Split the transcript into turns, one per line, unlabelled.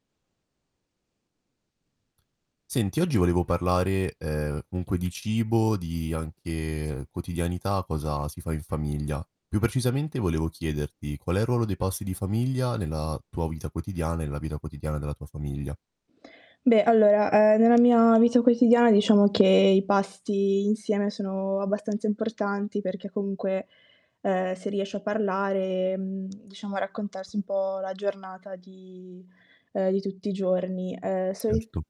Senti, oggi volevo parlare, ehm, comunque di cibo, di, anche, quotidianità, cosa si fa in famiglia. Più precisamente volevo chiederti qual è il ruolo dei pasti di famiglia, nella tua vita quotidiana e nella vita quotidiana della tua famiglia?
Beh allora, ehm, nella mia vita quotidiana diciamo che i pasti insieme sono abbastanza importanti, perché comunque, ehm, si riesce a parlare, mhmm, diciamo a raccontarsi un po' la giornata di ehm, di tutti i giorni. Ehm, soli
Certo.